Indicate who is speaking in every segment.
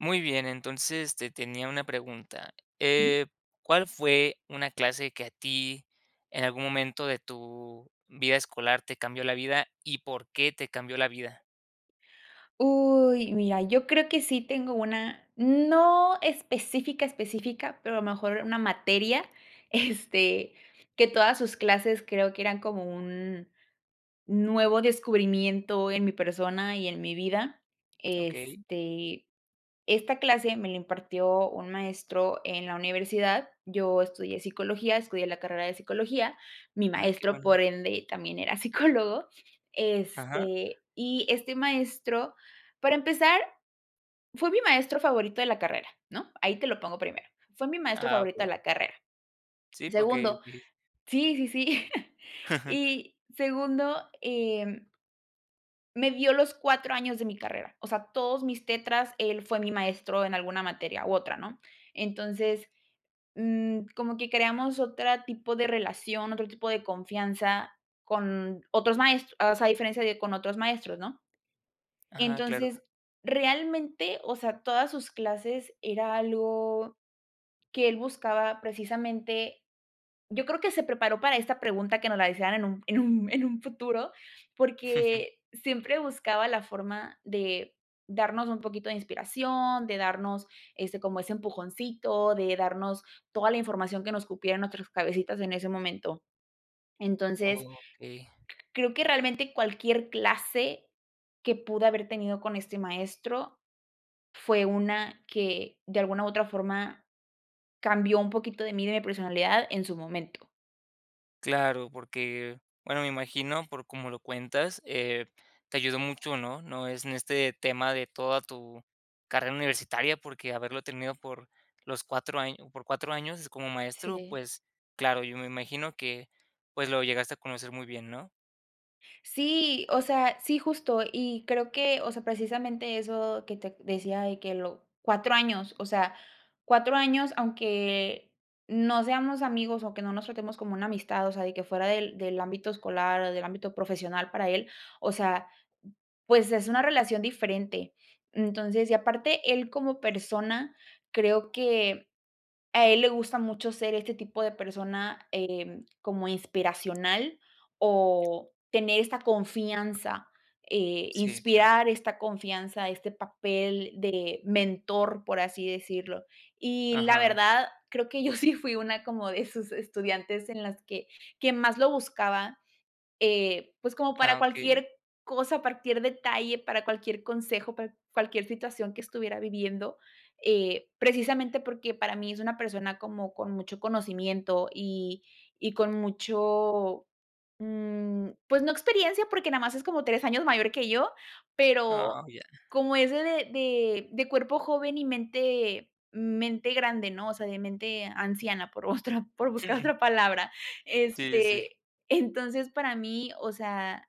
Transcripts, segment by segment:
Speaker 1: Muy bien, entonces, te tenía una pregunta,
Speaker 2: Ujú.
Speaker 1: eh, ¿cuál fue una clase que a ti en algún momento de tu vida escolar te cambió la vida y por qué te cambió la vida?
Speaker 2: Uy, mira, yo creo que sí tengo una no específica, específica, pero a lo mejor una materia, este que todas sus clases creo que eran como un nuevo descubrimiento en mi persona y en mi vida,
Speaker 1: Okey.
Speaker 2: este, esta clase me lo impartió un maestro en la universidad, yo estudié psicología, estudié la carrera de psicología, mi
Speaker 1: Ah, qué
Speaker 2: maestro,
Speaker 1: bueno.
Speaker 2: por ende, también era psicólogo,
Speaker 1: Ajá.
Speaker 2: este, y este maestro, para empezar, fue mi maestro favorito de la carrera, ¿no?, ahí te lo pongo primero, fue mi maestro
Speaker 1: Ah,
Speaker 2: favorito de
Speaker 1: okey.
Speaker 2: la carrera,
Speaker 1: Sí, porque
Speaker 2: segundo,
Speaker 1: di.
Speaker 2: sí sí sí, y segundo, eh me dio los 4 años de mi carrera, o sea, todos mis tetras, él fue mi maestro en alguna materia u otra, ¿no?, entonces, mm, como que creamos otra tipo de relación, otro tipo de confianza con otros maestros, o sea, a diferencia de con otros maestros, ¿no?
Speaker 1: Ajá, claro.
Speaker 2: entonces, realmente, o sea, todas sus clases era algo que él buscaba precisamente. Yo creo que se preparó para esta pregunta que nos la hicieran en un en un en un futuro, porque siempre buscaba la forma de darnos un poquito de inspiración, de darnos, este, como ese empujoncito, de darnos toda la información que nos cupiera en nuestras cabecitas en ese momento, entonces,
Speaker 1: Okey.
Speaker 2: creo que realmente cualquier clase que pude haber tenido con este maestro, fue una que de alguna u otra forma cambió un poquito de mí de mi personalidad en su momento.
Speaker 1: Claro, porque, bueno, me imagino, por como lo cuentas, eh, te ayudó mucho, ¿no? No es en este tema de toda tu carrera universitaria, porque haberlo tenido por los 4 año por 4 años, como maestro,
Speaker 2: Sí.
Speaker 1: pues, claro, yo me imagino que, pues, lo llegaste a conocer muy bien, ¿no?
Speaker 2: Sí, o sea, sí justo, y creo que, o sea, precisamente, eso que te decía de que lo 4 años, o sea, 4 años, aunque no seamos amigos o que no nos tratemos como una amistad, o sea, de que fuera del del ámbito escolar o del ámbito profesional para él, o sea, pues, es una relación diferente. Entonces, y aparte él como persona, creo que a él le gusta mucho ser este tipo de persona, em, como inspiracional o tener esta confianza, eh,
Speaker 1: Sí, claro.
Speaker 2: inspirar esta confianza, este papel de mentor, por así decirlo. Y la
Speaker 1: Ajá.
Speaker 2: verdad, creo que yo sí fui una como de sus estudiantes en las que que más lo buscaba, eh, pues, como para
Speaker 1: Ah, okey.
Speaker 2: cualquier cosa, partir detalle, para cualquier consejo, para cualquier situación que estuviera viviendo. Eh, precisamente, porque para mí es una persona como con mucho conocimiento y y con mucho, mm, pues, no experiencia, porque nada más es como 3 años mayor que yo,
Speaker 1: Oh,
Speaker 2: pero
Speaker 1: ya.
Speaker 2: como es de de de cuerpo joven y mente mente grande ¿no? O sea, de mente anciana por otra por buscar otra palabra.
Speaker 1: Sí, sí, sí.
Speaker 2: Este, entonces, para mí, o sea,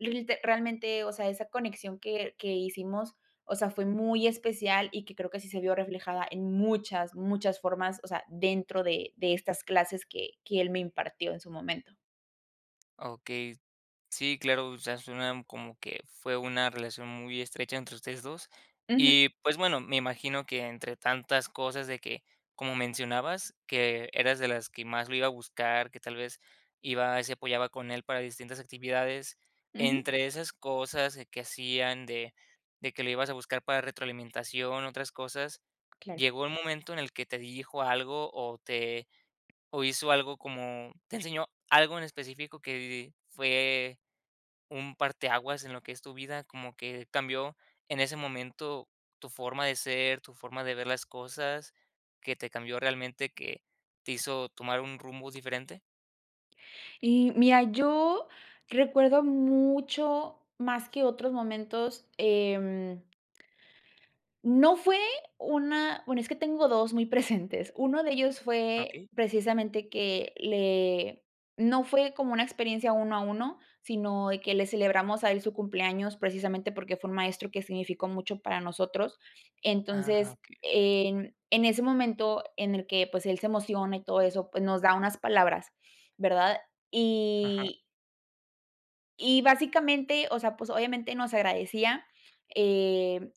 Speaker 2: realte realmente, o sea, esa conexión que que hicimos, o sea, fue muy especial y que creo que sí se vio reflejada en muchas, muchas formas, o sea, dentro de de estas clases que que él me impartió en su momento.
Speaker 1: Okey. Sí, claro, o sea, suena como que fue una relación muy estrecha entre ustedes 2.
Speaker 2: Ujú.
Speaker 1: Y, pues, bueno, me imagino que entre tantas cosas de que, como mencionabas, que eras de las que más lo iba a buscar, que tal vez, iba se apoyaba con él para distintas actividades.
Speaker 2: Ujú.
Speaker 1: Entre esas cosas que hacían de de que lo ibas a buscar para retroalimentación, otras cosas,
Speaker 2: Claro.
Speaker 1: ¿llegó el momento en el que te dijo algo o te o hizo algo como te enseñó algo en específico que fue un parteaguas en lo que es tu vida, como que cambió en ese momento tu forma de ser, tu forma de ver las cosas, que te cambió realmente, que te hizo tomar un rumbo diferente?
Speaker 2: Y, mira, yo recuerdo mucho más que otros momentos, em. No fue una bueno, es que tengo 2 muy presentes. Uno de ellos fue,
Speaker 1: Okey.
Speaker 2: precisamente, que le no fue como una experiencia uno a uno, sino de que le celebramos a él su cumpleaños, precisamente, porque fue un maestro que significó mucho para nosotros.
Speaker 1: Ah,
Speaker 2: Entonces,
Speaker 1: okey.
Speaker 2: en en ese momento en el que, pues, él se emociona y todo eso, pues, nos da unas palabras, ¿verdad?
Speaker 1: Ajá.
Speaker 2: Y y, básicamente, o sea, pues, obviamente, nos agradecía, em,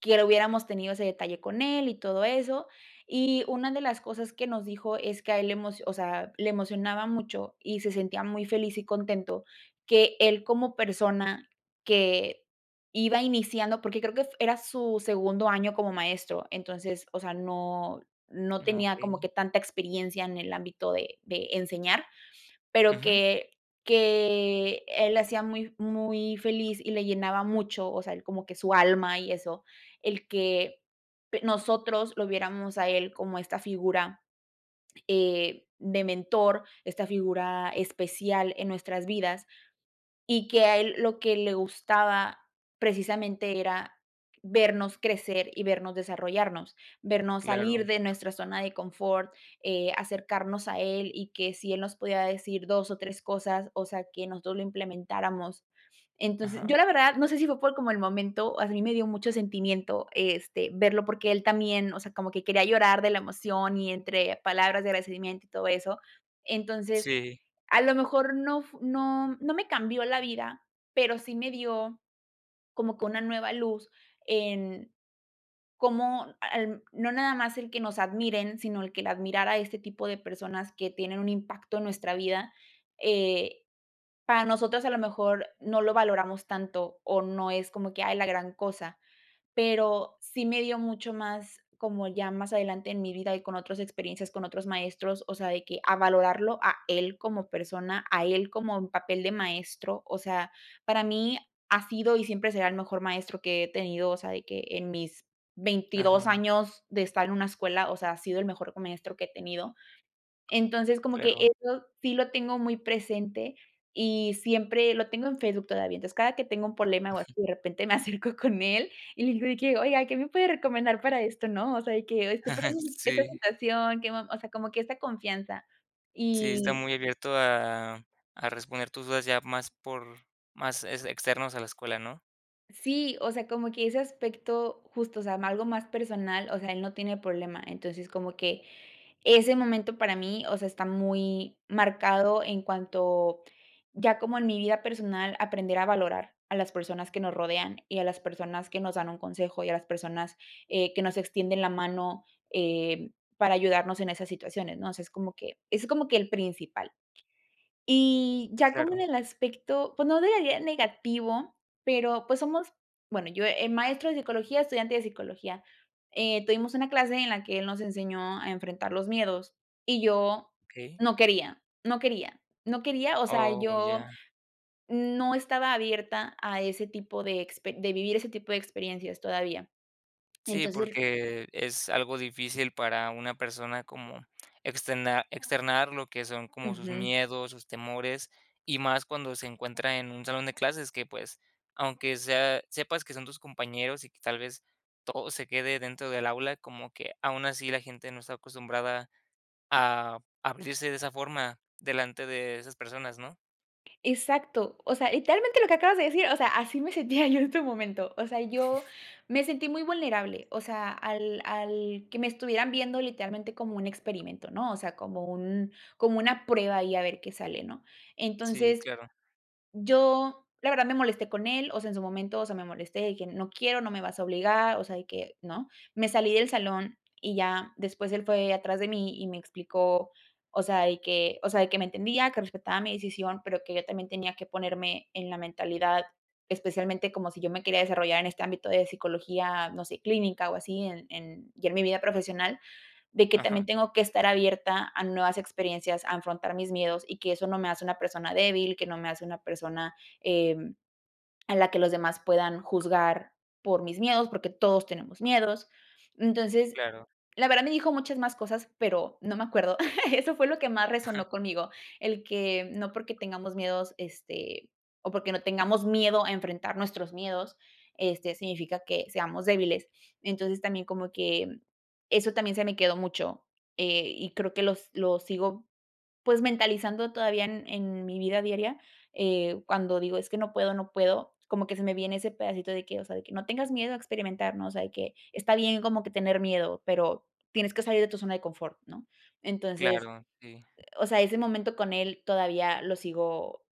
Speaker 2: que le hubiéramos tenido ese detalle con él y todo eso. Y una de las cosas que nos dijo es que a él le emocio o sea, le emocionaba mucho y se sentía muy feliz y contento, que él, como persona, que iba iniciando porque creo que f era su segundo año como maestro. Entonces, o sea, no no
Speaker 1: Ah,
Speaker 2: tenía como
Speaker 1: okey.
Speaker 2: que tanta experiencia en el ámbito de de enseñar, pero
Speaker 1: Ujú.
Speaker 2: que que él le hacía muy muy feliz y le llenaba mucho, o sea, él como que su alma y eso, el que nosotros lo viéramos a él como esta figura, eh, de mentor, esta figura especial en nuestras vidas, y que a él lo que le gustaba, precisamente, era vernos crecer y vernos desarrollarnos, vernos
Speaker 1: Claro.
Speaker 2: salir de nuestra zona de confort, eh, acercarnos a él y que si él nos podía decir 2 o 3 cosas, o sea, que nosotros lo implementáramos. Entonces, yo
Speaker 1: Ajá.
Speaker 2: la verdad, no sé si fue por como el momento, a mí me dio mucho sentimiento, este, verlo, porque él también, o sea, como que quería llorar de la emoción y entre palabras de agradecimiento y todo eso. Entonces,
Speaker 1: Sí.
Speaker 2: a lo mejor, no fu no no me cambió la vida, pero sí me dio como que una nueva luz en cómo al no nada más el que nos admiren, sino el que la admirar a este tipo de personas que tienen un impacto en nuestra vida. Eh, para nosotras, a lo mejor, no lo valoramos tanto o no es como que, ay, la gran cosa, pero sí me dio mucho más como ya más adelante en mi vida y con otras experiencias, con otros maestros, o sea, de que a valorarlo a él como persona, a él como en papel de maestro. O sea, para mí ha sido y siempre será el mejor maestro que he tenido, o sea, de que en mis 22
Speaker 1: Ajá.
Speaker 2: años de estar en una escuela, o sea, ha sido el mejor maestro que he tenido. Entonces, como que
Speaker 1: Claro.
Speaker 2: eso sí lo tengo muy presente y siempre lo tengo en Facebook todavía, entonces, cada que tengo un problema o así, de repente, me acerco con él y le digo de que, oiga, ¿qué me puede recomendar para esto?, ¿no? O sea, y que estoy pasando por esta
Speaker 1: Sí.
Speaker 2: situación, que me o sea, como que esta confianza.
Speaker 1: Sí, está
Speaker 2: Y.
Speaker 1: muy abierto a a responder tus dudas, ya más por más es externos a la escuela, ¿no?
Speaker 2: Sí, o sea, como que ese aspecto, justo, o sea, algo más personal, o sea, él no tiene problema. Entonces, como que ese momento, para mí, o sea, está muy marcado en cuanto ya como en mi vida personal aprender a valorar a las personas que nos rodean y a las personas que nos dan un consejo, y a las personas, eh, que nos extienden la mano, eh, para ayudarnos en esas situaciones, ¿no? O sea, es como que es como que el principal. Y ya como en
Speaker 1: Claro.
Speaker 2: el aspecto, pues, no [unintelligible] negativo, pero, pues, somos, bueno, yo el maestro de psicología, estudiante de psicología, eh, tuvimos una clase en la que él nos enseñó a enfrentar los miedos y yo
Speaker 1: Okey.
Speaker 2: no quería, no quería, no quería. O sea,
Speaker 1: Oh, ya.
Speaker 2: yo no estaba abierta a ese tipo de expe de vivir ese tipo de experiencias todavía.
Speaker 1: Sí,
Speaker 2: Entonces.
Speaker 1: porque es algo difícil para una persona como extena externar lo que son como sus
Speaker 2: Ujú.
Speaker 1: miedos, sus temores, y más cuando se encuentra en un salón de clases, que, pues, aunque sea sepas que son tus compañeros y que, tal vez, todo se quede dentro del aula, como que aún así la gente no está acostumbrada a abrirse de esa forma delante de esas personas, ¿no?
Speaker 2: Exacto, o sea, literalmente, lo que acabas de decir, o sea, así me sentía yo en este momento, o sea, yo me sentí muy vulnerable, o sea, al al que me estuvieran viendo literalmente como un experimento, ¿no? O sea, como un como una prueba ahí a ver qué sale, ¿no?
Speaker 1: Sí,
Speaker 2: Entonces,
Speaker 1: claro.
Speaker 2: yo, la verdad, me molesté con él, o sea, en su momento, o sea, me molesté de que no quiero, no me vas a obligar, o sea, de que, no, me salí del salón y ya después, él fue atrás de mí y me explicó, o sea, y que, o sea, de que me entendía, que respetaba mi decisión, pero que yo también tenía que ponerme en la mentalidad, especialmente, como si yo me quería desarrollar en este ámbito de psicología, no sé, clínica o así en en ya en mi vida profesional, de que también
Speaker 1: Ajá.
Speaker 2: tengo que estar abierta a nuevas experiencias, a afrontar mis miedos, y que eso no me hace una persona débil, que no me hace una persona, eh, a la que los demás puedan juzgar por mis miedos, porque todos tenemos miedos. Entonces,
Speaker 1: Claro.
Speaker 2: la verdad, me dijo muchas más cosas, pero no me acuerdo. Eso fue lo que más resonó conmigo. El que no porque tengamos miedos, este, o porque no tengamos miedo a enfrentar nuestros miedos, este, significa que seamos débiles. Entonces, también como que eso también se me quedó mucho, eh, y creo que los lo sigo, pues, mentalizando todavía en en mi vida diaria. Eh, cuando digo es que no puedo, no puedo, como que se me viene ese pedacito de que, o sea, de que no tengas miedo a experimentar, ¿no? O sea, de que está bien como que tener miedo, pero tienes que salir de tu zona de confort, ¿no? Entonces,
Speaker 1: Claro, sí.
Speaker 2: eh, o sea, ese momento con él, todavía lo sigo,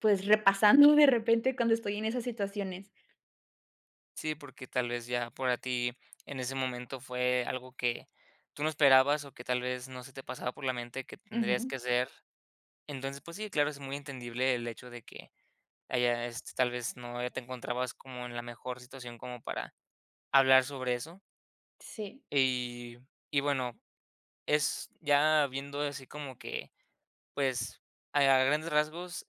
Speaker 2: pues, repasando de repente cuando estoy en esas situaciones.
Speaker 1: Sí, porque tal vez ya para ti en ese momento fue algo que tú no esperabas o que tal vez no se te pasaba por la mente que tendrías
Speaker 2: Ujú.
Speaker 1: que hacer, entonces, pues sí, claro, es muy entendible el hecho de que haya, este, tal vez no te encontrabas como en la mejor situación como para hablar sobre eso.
Speaker 2: Sí.
Speaker 1: Y y bueno, es ya viendo así como que, pues, a grandes rasgos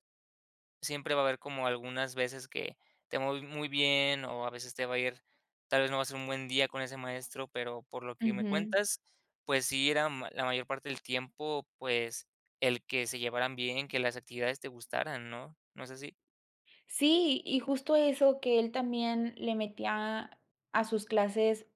Speaker 1: siempre va a haber como algunas veces que te va ir muy bien o a veces te va a ir, tal vez no va a ser un buen día con ese maestro, pero por lo que me
Speaker 2: Ujú.
Speaker 1: cuentas, pues sí era la mayor parte del tiempo, pues, el que se llevaran bien, que las actividades te gustaran, ¿no?, ¿no es así?
Speaker 2: Sí, y justo eso, que él también le metía a sus clases,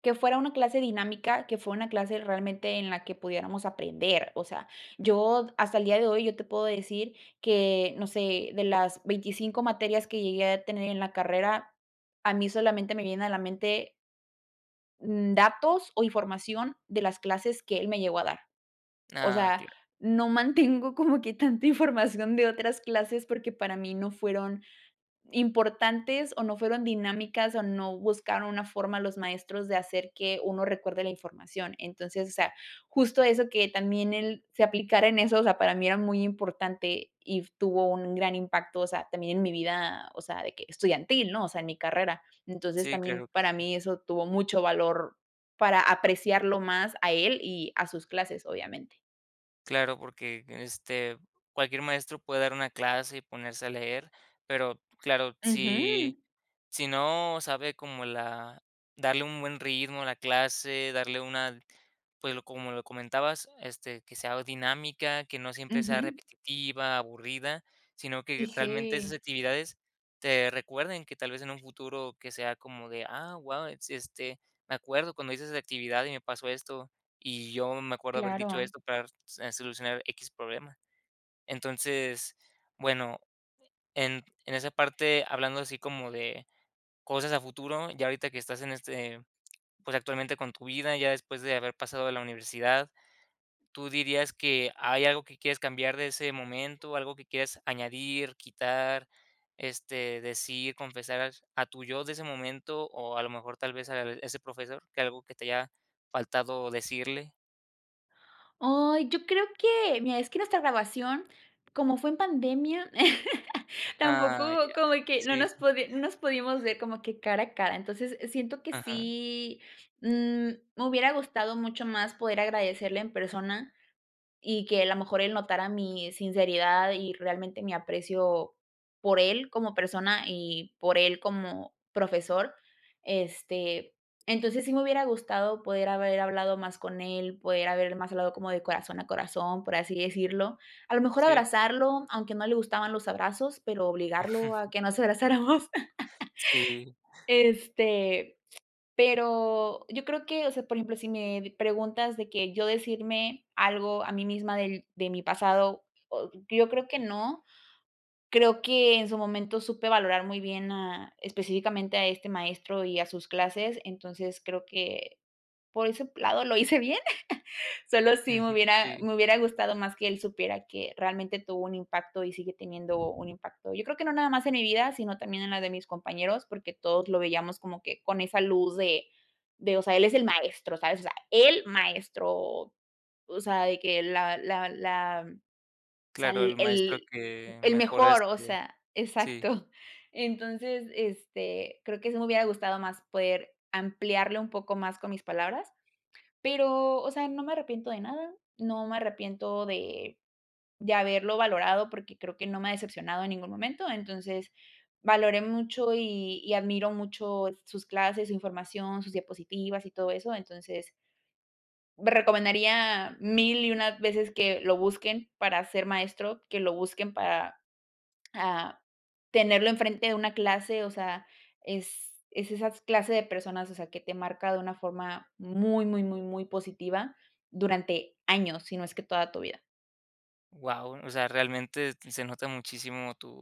Speaker 2: que fuera una clase dinámica, que fue una clase realmente en la que pudiéramos aprender, o sea, yo hasta el día de hoy yo te puedo decir que, no sé, de las 25 materias que llegué a tener en la carrera, a mí solamente me vienen a la mente datos o información de las clases que él me llegó a dar, o
Speaker 1: Ah,
Speaker 2: sea,
Speaker 1: claro.
Speaker 2: no mantengo como que tanta información de otras clases porque para mí no fueron importantes o no fueron dinámicas o no buscaron una forma los maestros de hacer que 1 recuerde la información, entonces, o sea, justo eso, que también él se aplicara en eso, o sea, para mí era muy importante y tuvo un gran impacto, o sea, también en mi vida, o sea, de que estudiantil, ¿no?, o sea, en mi carrera, entonces,
Speaker 1: Sí,
Speaker 2: también
Speaker 1: claro que
Speaker 2: para
Speaker 1: sí.
Speaker 2: mí eso tuvo mucho valor para apreciarlo más a él y a sus clases, obviamente.
Speaker 1: Claro. Porque, este, cualquier maestro puede dar una clase, y ponerse a leer. Pero, claro, si
Speaker 2: Ujú.
Speaker 1: si no sabe, como la darle un buen ritmo a la clase. Darle una pues, lo como lo comentabas, este, que sea dinámica, que no siempre sea
Speaker 2: Ujú.
Speaker 1: repetitiva, aburrida, sino
Speaker 2: Y
Speaker 1: que realmente, esas
Speaker 2: sí.
Speaker 1: actividades te recuerden, que tal vez, en un futuro, que sea como de: "Ah, guau. Este, me acuerdo cuando hice esa actividad, y me pasó esto. Y yo me acuerdo, haber dicho
Speaker 2: Claro.
Speaker 1: esto, para r solucionar x problema". Entonces, bueno, en en esa parte, hablando así, como de cosas a futuro. Ya ahorita, que estás en este, pues, actualmente con tu vida. Ya después, de haber pasado de la universidad. Tú dirías que, ¿hay algo que quieres cambiar de ese momento? ¿Algo que quieres añadir, quitar, este, decir, confesar, a tu yo de ese momento? O a lo mejor, tal vez, a ese Profesor, que ¿Algo que te haya faltado decirle?
Speaker 2: Ay. Yo creo que mira, es que nuestra graduación, como fue en pandemia, tampoco
Speaker 1: Ah, ya.
Speaker 2: como que no
Speaker 1: Sí.
Speaker 2: nos no nos pudimos ver, como que cara a cara. Entonces, siento que
Speaker 1: Ajá.
Speaker 2: sí, mm, me hubiera gustado mucho más, poder agradecerle en persona. Y que a la mejor, él notara mi sinceridad y, realmente, mi aprecio por él, como persona, y por él como profesor. Este, entonces, sí me hubiera gustado, poder haber hablado más con él. Poder haber más hablado como de corazón a corazón, por así decirlo. A lo mejor
Speaker 1: Sí.
Speaker 2: abrazarlo, aunque no le gustaban los abrazos, pero obligarlo, a que nos abrazáramos.
Speaker 1: Sí.
Speaker 2: Este, pero yo creo que o sea, por ejemplo, si me preguntas de que, yo decirme algo, a mí misma del de mi pasado, yo creo que no. Creo que en su momento, supe valorar muy bien a específicamente, a este maestro, y a sus clases. Entonces, creo que, por ese lado lo hice bien. Sólo sí, me
Speaker 1: Ujú,
Speaker 2: hubiera
Speaker 1: sí.
Speaker 2: me hubiera gustado más, que él supiera, que realmente tuvo un impacto, y sigue teniendo un impacto. Yo creo, que no nada más en mi vida, sino también en la de mis compañeros. Porque todos lo veíamos, como que con esa luz de de O sea, él es el maestro. ¿sabes? O sea, el maestro. O o sea, de que la la la o sea,
Speaker 1: Claro, el maestro
Speaker 2: el-el
Speaker 1: que
Speaker 2: el
Speaker 1: mejora,
Speaker 2: mejor. O
Speaker 1: este
Speaker 2: sea
Speaker 1: Sí.
Speaker 2: exacto. Entonces, este, creo que, sí me hubiera gustado más, poder ampliarlo un poco más, con mis palabras. Pero, o sea, no me arrepiento de nada. No me arrepiento de de haberlo valorado, porque creo, que no me ha decepcionado, en ningún momento. Entonces, valoré mucho, y y admiro mucho sus clases, su información, sus diapositivas, y todo eso. Entonces, lo recomendaría, 1000 y 1 veces, que lo busquen para ser maestro. Que lo busquen para, ah, tenerlo enfrente de una clase. O sea, es es esas clase de personas, o sea, que te marca de una forma muy, muy, muy, muy positiva, durante años, si no es que toda tu vida.
Speaker 1: Wao. O sea, realmente, se nota muchísimo, tu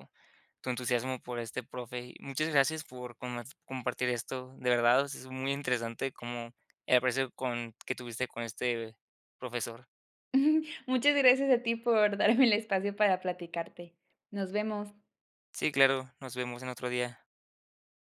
Speaker 1: tu entusiasmo por este profe. Y muchas gracias, por comp compartir esto. De verdad, o sea, es muy interesante, como el aprecio con que tuviste, con este profesor.
Speaker 2: Muchas gracias a ti, por darme el espacio para platicarte. Nos vemos.
Speaker 1: Sí, claro. Nos vemos, en otro día.